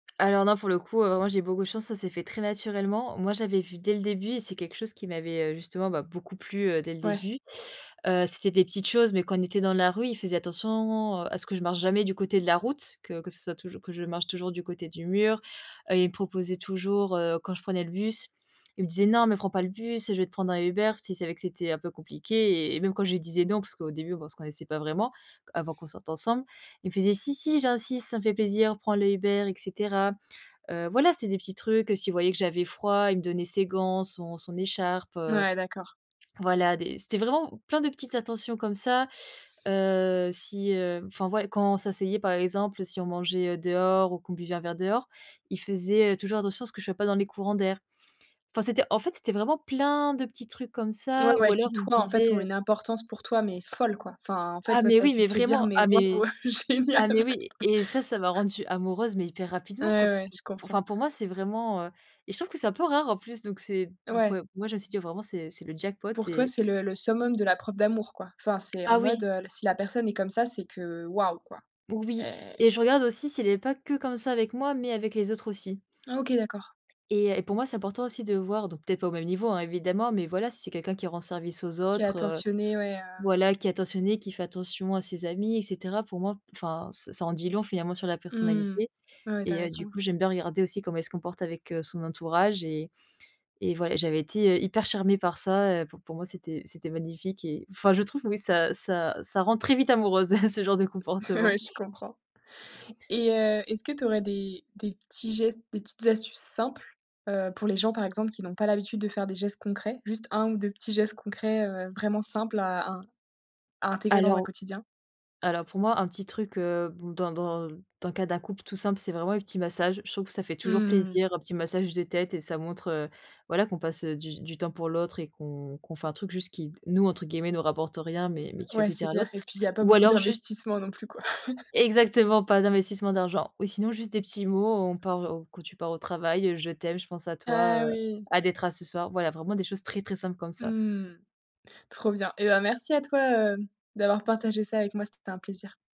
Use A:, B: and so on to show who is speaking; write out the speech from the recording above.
A: Alors, non, pour le coup, heu, moi, j'ai beaucoup de chance. Ça s'est fait très naturellement. Moi, j'avais vu dès le début et c'est quelque chose qui m'avait, heu, justement, bah beaucoup plu, heu, dès le
B: Ouais.
A: début, heu, c'était des petites choses mais quand on était dans la rue, il faisait attention, heu, à ce que je marche jamais du côté de la route, que que ce soit toujours que je marche toujours du côté du mur et il me proposait toujours, heu, quand je prenais le bus, il me disait: «Non, mais prends pas le bus, je vais te prendre un Uber», s'il savait que c'était un peu compliqué et même quand je lui disais: «Non», parce qu'au début, on se connaissait pas vraiment, avant qu'on sorte ensemble, il me faisait: «Si, si, j'insiste, ça me fait plaisir, prend le Uber» et cetera. Heu, voilà, c'est des petits trucs, heu, s'il voyait que j'avais froid, il me donnait ses gants, son son écharpe,
B: N
A: heu,
B: ouais, d'accord.
A: voilà, des c'était vraiment plein de petites attentions comme ça, heu, si, heu, enfin, ouais, quand on s'asseyait, par exemple, si on mangeait dehors ou qu'on buvait un verre dehors, il faisait, heu, toujours attention à ce que je sois pas dans les courants d'air. Enfin, c'était, en fait, c'était vraiment plein de petits trucs comme
B: Ouais,
A: ça ou
B: ouais,
A: alors
B: qui,
A: il me
B: toi, en fait,
A: disait,
B: ont
A: heu
B: une importance pour toi mais folle, quoi, enfin, en fait,
A: Ah,
B: toi,
A: mais
B: tu as
A: oui,
B: dû
A: mais
B: te dire:
A: vraiment.
B: «Mais
A: Ah mais
B: waouh génial!».
A: ah mais, oui et ça ça m'a rendu amoureuse mais hyper rapidement, quoi.
B: Ouais,
A: Parce
B: ouais, je comprends.
A: qu'enfin, pour moi, c'est vraiment, heu et je trouve que c'est un peu rare en plus, donc c'est donc,
B: Ouais.
A: ouais, moi, je me suis dit: «Vraiment, c'est c'est le jackpot»
B: Pour toi,
A: et
B: c'est le le summum de la preuve d'amour, quoi. Enfin, c'est
A: Ah
B: en mode,
A: oui!
B: heu, si la personne est comme ça, c'est que «Waouh!» quoi
A: Oui
B: et
A: et je regarde aussi s'il est pas que comme ça avec moi mais avec les autres aussi.
B: Ah OK, d'accord.
A: Et et pour moi, c'est important aussi de voir donc, peut être, au même niveau, hein, évidemment mais voilà, si c'est quelqu'un qui rend service aux
B: Qui est
A: autres, heu,
B: attentionné, ouais, heu
A: voilà, qui est attentionné, qui fait attention à ses amis et cetera. Pour moi, enfin ce ça en dit long finalement sur la
B: Mmh.
A: personnalité
B: Ouais, tu as
A: et heu, du
B: raison.
A: coup, j'aime bien regarder aussi comment elle se comporte avec, heu, son entourage et et voi et j'avais été, heu, hyper charmée par ça, heu, p pour moi, c'était c'était magnifique et enfin, je trouve, oui, ça ça ça rend très vite amoureuse, ce genre de comportement.
B: Ouais, je comprends et heu, est-ce que tu aurais des des petits gestes, des petites astuces simples, heu, pour les gens, par exemple, qui n'ont pas l'habitude de faire des gestes concrets, juste 1 ou 2 petits gestes concrets, heu, vraiment simples à in à intégrer dans un
A: Alors
B: quotidien?
A: alors pour moi, un petit truc, heu, b dans dans dans le cas d'un couple tout simple, c'est vraiment les petits massages. Je trouve que ça fait
B: Mmh
A: toujours
B: mh, mmh.
A: plaisir, un petit massage de tête et ça montre, heu, voilà qu'on passe, heu, du du temps pour l'autre et qu'on qu'on fait un truc juste qui nous, entre guillemets «nous rapporte rien» mais mais qui fait
B: Ouais, c'est
A: plaisir à
B: clair
A: l'autre.
B: et puis, il y a pas
A: Ou
B: beaucoup
A: alors juste
B: d'investissements non plus, quoi.
A: é exactement, pas d'investissement d'argent ou sinon juste des petits mots, on par, heu, quand tu pars au travail, heu, «Je t'aime», «Je pense à
B: Ah
A: toi», heu,
B: oui!
A: «Hâte d'être à ce soir», ouais, voilà, vraiment des choses très, très simples comme ça.
B: Mmh, trop bien. Eh ben, merci à toi, heu, d'avoir partagé ça avec moi, c'était un plaisir.